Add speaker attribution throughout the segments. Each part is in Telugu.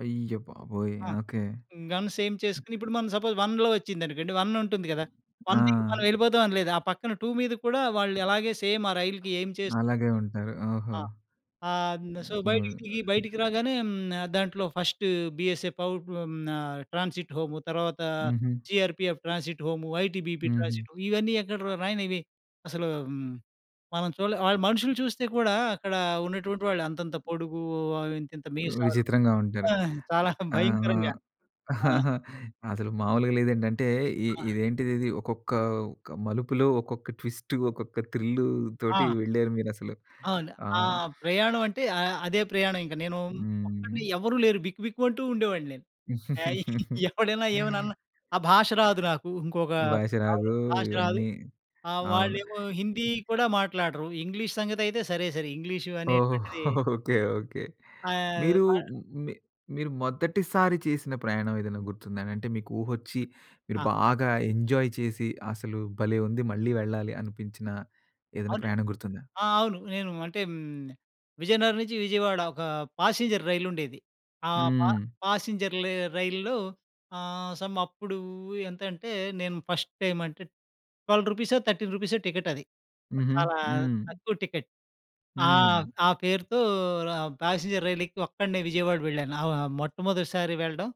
Speaker 1: అయ్య బాబోయ్!
Speaker 2: ఆ!
Speaker 1: ఆ! ఓకే.
Speaker 2: గన్స్ ఎయిమ్ చేసుకొని ఇప్పుడు మనం సపోజ్ 1 వచ్చిందనుకోండి. 1 ఉంటుంది కదా!
Speaker 1: ఆ!
Speaker 2: 1 దికి మనం వెళ్ళిపోతాం అని లేదు. ఆ పక్కన 2 మీద కూడా వాళ్ళు అలాగే సేమ్ ఆ రైలు‌కి ఎయిమ్ చేస్తూ
Speaker 1: అలాగే ఉంటారు. ఓహో!
Speaker 2: ఆ! ఆహ్, సో బయటికి దిగి
Speaker 1: [unintelligible]
Speaker 2: బయటికి రాగానే హ్మ్. దాంట్లో ఫస్ట్ బీఎస్ఏ పౌ ఆహ్, హ్మ్, న ట్రాన్సిట్ హోము తర్వాత
Speaker 1: హుహు.
Speaker 2: జీఆర్‌పిఎఫ్ ట్రాన్సిట్ హోమ్, ఐటీబీపీ
Speaker 1: హుహు.
Speaker 2: ట్రాన్సిట్ ఇవన్నీ ఎక్కడ రానివి. అసలు ఆహ్, హ్మ్, మనం చూడలే. వాళ్ళు మనుషులు చూస్తే కూడా అక్కడ ఉన్నటువంటి వాళ్ళు అంతంత పొడుగు ఇంతింత మీసాలు
Speaker 1: విచిత్రంగా ఉంటారు.
Speaker 2: ఆ! చాలా
Speaker 1: ఆహ్,
Speaker 2: భయంకరంగా.
Speaker 1: ఆహ్,
Speaker 2: ఆ!
Speaker 1: అసలు మాములుగా లేదండి. అంటే ఇ
Speaker 2: ఆ!
Speaker 1: ఇదేంటిదిది ఒక్కొక్క ఒక్క మలుపులో, ఒక్కొక్క ట్విస్ట్, ఒక్కొక్క థ్రిల్‌తోటి
Speaker 2: ఆ!
Speaker 1: వెళ్లారు మీరసలు.
Speaker 2: అవును.
Speaker 1: ఆ!
Speaker 2: ఆ ప్రయాణం అంటే ఆహ్, అదే ప్రయాణం ఇంక. నేను ఒక్కడిని
Speaker 1: హ్మ్.
Speaker 2: ఎవరు లేరు. బిక్కు బిక్కు‌మంటూ ఉండేవాడిని నేను. ఆహ్, ఎవడైనా ఏమైనా అన్నా ఆ భాష రాదు నాకు. ఇంకొక
Speaker 1: భాష రాదు.
Speaker 2: అవును. భాష రాదు.
Speaker 1: ఇవన్నీ.
Speaker 2: ఆహ్,
Speaker 1: అవును.
Speaker 2: వాళ్ళేమో హిందీ కూడా మాట్లాడరు. ఇంగ్లీష్ సంగతి అయితే సరే సరి. ఇంగ్లీష్
Speaker 1: ఓహో!
Speaker 2: అనేటువంటిది
Speaker 1: ఓకే. ఓకే.
Speaker 2: ఆహ్,
Speaker 1: మీరు మీ మీరు మొదటిసారి చేసిన ప్రయాణం ఏదైనా గుర్తుందా? అంటే మీకు ఊహోచ్చి, మీరు
Speaker 2: ఆ!
Speaker 1: బాగా ఎంజాయ్ చేసి, అసలు భలే! ఉంది. మళ్ళీ వెళ్ళాలి అనిపించిన ఏదైనా
Speaker 2: అవునండి.
Speaker 1: ప్రయాణం గుర్తుందా?
Speaker 2: ఆ! అవును. నేను అంటే హ్మ్. విజయనగరం నుంచి విజయవాడ ఒక ప్యాసింజర్ రైలు ఉండేది. ఆ
Speaker 1: హ్మ్.
Speaker 2: ప్యాసింజర్ లే రైలులో ఆహ్, సమ్ అప్పుడు ఎంతంటే? నేను ఫస్ట్ టైమ్ అంటే 12 రూపీసో, 13 రూపీసో టికెట్ అది. ఆ!
Speaker 1: హుహు.
Speaker 2: చాలా
Speaker 1: హ్మ్.
Speaker 2: తక్కువ టికెట్. ఆహ్,
Speaker 1: హ్మ్.
Speaker 2: ఆ పేరుతో ర ప్యాసింజర్ రైలు ఎక్కి ఒక్కడినే విజయవాడ వెళ్ళాను. ఆహ్, వ మొట్టమొదటిసారి వెళ్ళడం.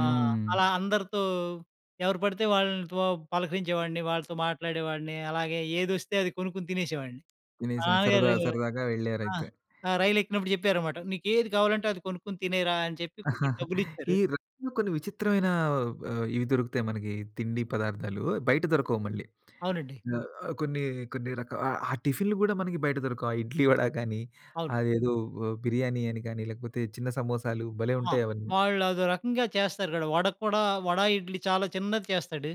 Speaker 2: ఆహ్, అలా అందరితో ఎవరు పడితే వాళ్ళతో పలకరించేవాడిని, వాళ్ళతో మాట్లాడేవాడిని. అలాగే ఏదొస్తే అది కొనుక్కొని తినేసేవాడిని. మా
Speaker 1: తినేసి సరదా
Speaker 2: నాన్నగారు
Speaker 1: సరదాగా
Speaker 2: ఆ!
Speaker 1: వెళ్ళారయితే.
Speaker 2: ఆ! రైలు ఎక్కినప్పుడు చెప్పారన్నమాట. "నీకు ఏది కావాలంటే అది కొనుక్కొని తినేయరా" అని చెప్పి కొంచెం
Speaker 1: ఈ
Speaker 2: డబ్బులిచ్చారు.
Speaker 1: రైలు‌లో కొన్ని విచిత్రమైన ఆహ్, ఇవి దొరుకుతాయి మనకి తిండి పదార్థాలు. బయట దొరకవు మళ్ళీ.
Speaker 2: అవునండి.
Speaker 1: ఆహ్, కొన్ని, కొన్ని రకా ఆహ్, ఆ టిఫిన్‌లు కూడా మనకి బయట దొరకవు. ఆ ఇడ్లీ, వడా కానీ,
Speaker 2: అవును.
Speaker 1: అదేదో బిర్యానీ ఆహ్, అని కానీ, లేకపోతే చిన్న సమోసాలు భలే!
Speaker 2: ఆ!
Speaker 1: ఉంటాయి అవన్నీ.
Speaker 2: వాళ్ళు అదో రకంగా చేస్తారు కదా! వడ కూడా వడ, ఇడ్లి చాలా చిన్నది చేస్తాడు.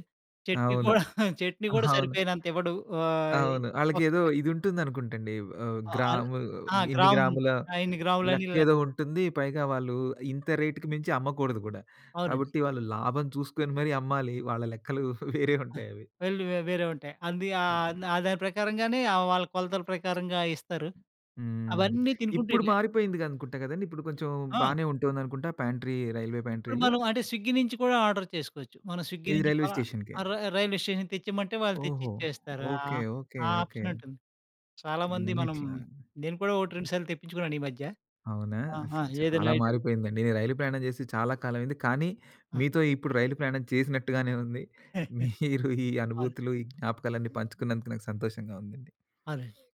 Speaker 2: చెట్నీ
Speaker 1: అవును.
Speaker 2: కూడా చెట్నీ కూడా
Speaker 1: అవును.
Speaker 2: సరిపోయినంత ఇవ్వడు. ఆహ్, ఈ
Speaker 1: అవును.
Speaker 2: ఒక
Speaker 1: ఆళ్ళకేదో
Speaker 2: పా
Speaker 1: ఇదుంటుందనుకుంటండి. ఆహ్,
Speaker 2: ఆహ్,
Speaker 1: గ్రాము
Speaker 2: ఆ!
Speaker 1: ఇన్ని
Speaker 2: గ్రామ్
Speaker 1: గ్రాముల
Speaker 2: ఆ! ఇన్ని ఆ! గ్రాములనిలా
Speaker 1: లెక్కేదో ఉంటుంది. పైగా వాళ్ళు ఇంత రేట్‌కి మించి అమ్మకూడదు కూడా.
Speaker 2: అవునండి.
Speaker 1: కాబట్టి వాళ్ళు లాభం చూసుకొని మరి అమ్మాలి. వాళ్ళ లెక్కలు వేరే ఉంటాయవి.
Speaker 2: వేళ్ళు వ వేరే ఉంటాయి. అందుకా ఆహ్, ఆ దాని ప్రకారంగానే ఆ వాళ్ళ కొలతల ప్రకారంగా ఇస్తారు.
Speaker 1: హ్మ్.
Speaker 2: అవన్నీ తినుకుంటూ
Speaker 1: ఇప్పుడు
Speaker 2: వెళ్ళా.
Speaker 1: మారిపోయిందిగ అనుకుంటా కదండీ! ఇప్పుడు కొంచెం
Speaker 2: ఆ!
Speaker 1: బానే ఉంటుందనుకుంటా. ప్యాంట్రీ రైల్వే
Speaker 2: ఇప్పుడు
Speaker 1: ప్యాంట్రీ‌లు.
Speaker 2: మనం అంటే స్విగ్గీ నుంచి కూడా ఆర్డర్ చేసుకోవచ్చు. మనం స్విగ్గీ
Speaker 1: ఏది
Speaker 2: నుంచి
Speaker 1: రైల్వే
Speaker 2: కూలా
Speaker 1: స్టేషన్‌కే?
Speaker 2: ఆహ్, రై రైల్వే స్టేషన్ తెచ్చిమంటే వాళ్ళు తెచ్చి
Speaker 1: ఓహో!
Speaker 2: ఇచ్చేస్తారు.
Speaker 1: ఓకే.
Speaker 2: ఆహ్,
Speaker 1: ఓకే.
Speaker 2: ఆ
Speaker 1: ఓకే.
Speaker 2: ఆప్షన్ ఉంటుంది. చాలామంది
Speaker 1: హ్మ్.
Speaker 2: మనం
Speaker 1: ఇట్లా.
Speaker 2: నేను కూడా ఒకటి రెండు సార్లు తెప్పించుకున్నాను ఈ మధ్య.
Speaker 1: అవునా?
Speaker 2: ఆహా!
Speaker 1: అసల
Speaker 2: ఏదైనా
Speaker 1: చాలా
Speaker 2: ఐటెమ్
Speaker 1: మారిపోయిందండి. నేను రైలు ప్రయాణం చేసి చాలా కాలం అయింది. కానీ
Speaker 2: ఆ!
Speaker 1: మీతో ఇప్పుడు రైలు ప్రయాణం చేసినట్టుగానే ఉంది. మీరు ఈ
Speaker 2: అవును.
Speaker 1: అనుభూతులు, ఈ జ్ఞాపకాలన్నీ పంచుకున్నందుకు నాకు సంతోషంగా ఉందండి!
Speaker 2: అదే.